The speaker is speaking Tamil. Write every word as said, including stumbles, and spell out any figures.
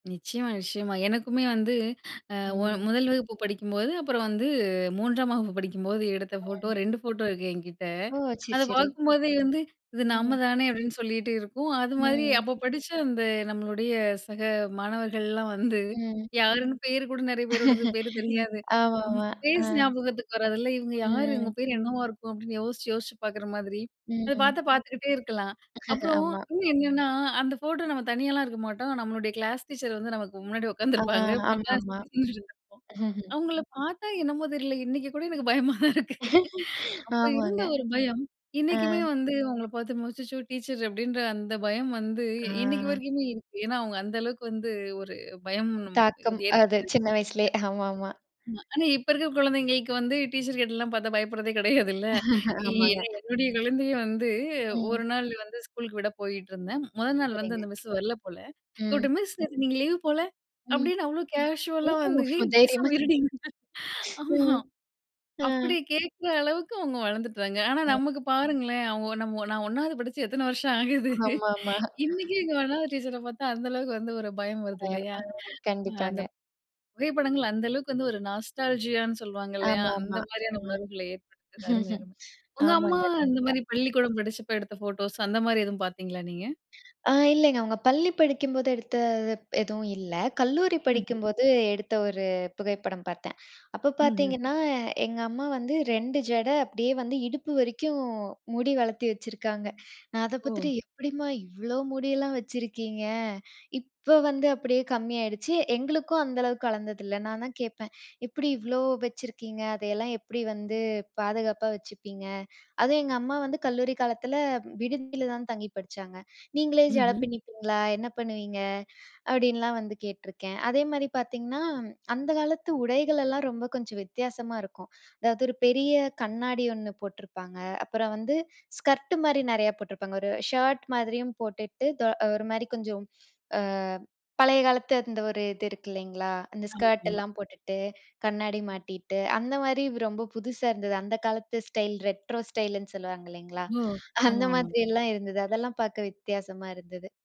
நிச்சியமா, நிச்சியமா. எனக்குமே வந்து அ, ஒ ம். முதல் வகுப்பு படிக்கும்போது, அப்புறம் வந்து மூன்றாம் வகுப்பு படிக்கும்போது, எடுத்த ஃபோட்டோ ம். ரெண்டு ஃபோட்டோ இருக்கு என்கிட்ட. ஓ! சரி அத சரி. பாக்கும்போதே வந்து, "இது நம்ம ம். தானே" அப்டின்னு சொல்லிட்டு இருக்கும். அது மாதிரி ம். அப்போ படிச்ச அந்த நம்மளுடைய சக மாணவர்கள்லாம் வந்து, ம். யாருன்னு பேரு கூட நெறைய பேரோடது பேரு தெரியாது. ஆமா ம் ஆமா. ஆ. ஃபேஸ் ஞாபகத்துக்கு வராதுல்ல! "இவுங்க யாரு? இவுங்க ம். பேர் என்னவா இருக்கும்!" அப்டின்னு யோசிச்சு. யோசிச்சு பாக்குற மாதிரி, அத பாத்தா ம். பாத்துக்கிட்டே இருக்கலாம். அப்புறம் ஆமா. இன்னும் என்னான்னா, அந்த ஃபோட்டோ நம்ம தனியாலாம் இருக்க மாட்டோம். நம்மளுடைய கிளாஸ் டீச்சர் வந்து நமக்கு முன்னாடி ஆ உக்காந்துருப்பாங்க ஆமா நம்மலாம் ஆமா. சுத்தி [unintelligible] அவுங்கள பாத்தா, என்னமோ தெரில! இன்னைக்கு கூட எனக்கு பயமா தான் இருக்கு. அப்போ ஆமாங்க. இருந்த ஒரு பயம், ஆ. இன்னைக்குமே வந்து அவுங்கள பாத்து "அச்சச்சோ டீச்சரு" அப்டின்ற அந்த பயம் வந்து, இன்னைக்கு ஆ. வரைக்குமே இருக்கு. ஏன்னா, அவுங்க அந்த அளவுக்கு வந்து, ஒரு பயம் நம் தாக்கம் வந்து ஏற்படுத்தி அது சின்ன வயசுலயே! ஆமா ஆமா. வச்சிருக்காங்க. ஆமா ஆனா இப்ப இருக்க குழந்தைங்களுக்கு வந்து, டீச்சர்கிட்டலாம் பாத்தா பயப்படுறதே கிடையாதுல்ல! இ எ ஆமாங்க. என்னுடைய குழந்தையை வந்து ம். ஒரு நாள் வந்து ஸ்கூலுக்கு விட போயிட்ருந்தேன். முதல் நாள் வந்து சரிங்க. அந்த மிஸ்ஸு வரல போல! ம். கூப்புட்டு "மிஸ் நேத்து நீங்க லீவ் போல" ம். அப்டின்னு அவ்வளோ ஓ! கேஷுவலா வந்து, ஸோ "ஏய் தைரியமா பேசாம இருடி" [unintelligible] ஆமா, ம், அ. அப்டி கேக்குற அளவுக்கு அவுங்க வளந்துட்டாங்க ஆனா ம். நமக்கு பாருங்களேன், அவுங்க நம்ம, நான் ஒண்ணாவது படிச்சு எத்தனை வருஷம் ஆகுது. ஆமாமா. இன்னைக்கும் எங்க ஒண்ணாவது டீச்சர பாத்தா அந்த அளவுக்கு வந்து ஒரு பயம் வருது. பயம். இல்லையா! அ அ அந்த கண்டிப்பாங்க. புகைப்படங்கள், அந்த அளவுக்கு வந்து ஒரு நாஸ்டாலஜியான்னு சொல்லுவாங்கல்லையா, அந்த ஆமாமா. மாரியான ம். உணர்வுகள ஏற்படுத்துது. அருமை, அருமை. உங்க அம்மா ஆமாங்க, அந்த கண்டிப்பா. மாரி பள்ளிகூடம் படிச்சப்ப எடுத்த போட்டோஸ், அந்த மாரி எதும் பாத்தீங்களா நீங்க? ஆ இல்லைங்க அவுங்க பள்ளி படிக்கும்போது எடுத்த, ப் எதுவும் இல்ல. கல்லூரி ம்ஹ்ம். படிக்கும்போது எடுத்த ஒரு புகைப்படம் பார்த்தேன். அப்போ ம்ஹ்ம். பாத்தீங்கன்னா, எங்க அம்மா வந்து ரெண்டு ஜடை, அப்டியே வந்து இடுப்பு வரைக்கும் முடி வளத்தி வச்சிருக்காங்க. நான் அத ஓ! பாத்துட்டு, எப்டிம்மா இவ்வளோ முடியெல்லாம் வச்சிருக்கீங்க? இப்ப வந்து அப்டியே கம்மி ஆயிருச்சு. எங்களுக்கும் அந்த அளவுக்கு வளந்தது இல்ல. நான் தான் கேட்பேன். எப்டி இவ்ளோ வச்சுருக்கீங்க? அதையெல்லாம் எப்டி வந்து பாதுகாப்பா வச்சுப்பீங்க? அதுவும் எங்க அம்மா வந்து கல்லூரி காலத்தில, விடுதியில தான் தங்கி படிச்சாங்க. "நீங்களே ஜட ம்ஹ்ம். பின்னப்பீங்களா? என்ன பண்ணுவீங்க?"அப்டின்லாம் வந்து கேட்டுருக்கேன். அதேமாரி பாத்தீங்கன்னா, ம் அந்த காலத்து உடைகளெல்லாம் ரொம்ப கொஞ்சம் வித்தியாசமா இருக்கும். அதாவது ஒரு பெரிய கண்ணாடி ஒண்ணு போட்ருப்பாங்க. அப்புறம் வந்து, ஸ்கர்ட்டு மாரி நெறையா போட்ருப்பாங்க. ஒரு ஷர்ட் மாதிரியும் போட்டுக்ட்டு, தொ ஒரு மாரி கொஞ்சம் அ பழைய காலத்து அந்த ஒரு இது இருக்கு இல்லைங்களா! அந்த ஆமா, ஆமா. ஸ்கர்ட்லாம் போட்டுட்டு, கண்ணாடி மாட்டிட்டு, அந்த மாரி ரொம்ப புதுசா இருந்தது. அந்த காலத்து ஸ்டைல் ரெட்ரோ ஸ்டைலுன்னு சொல்லுவாங்க இல்லைங்களா, ஓ! ஆமா அந்த ஆமா. மாதிரில்லாம் இருந்தது. அதெல்லாம் பாக்க வித்தியாசமா இருந்தது.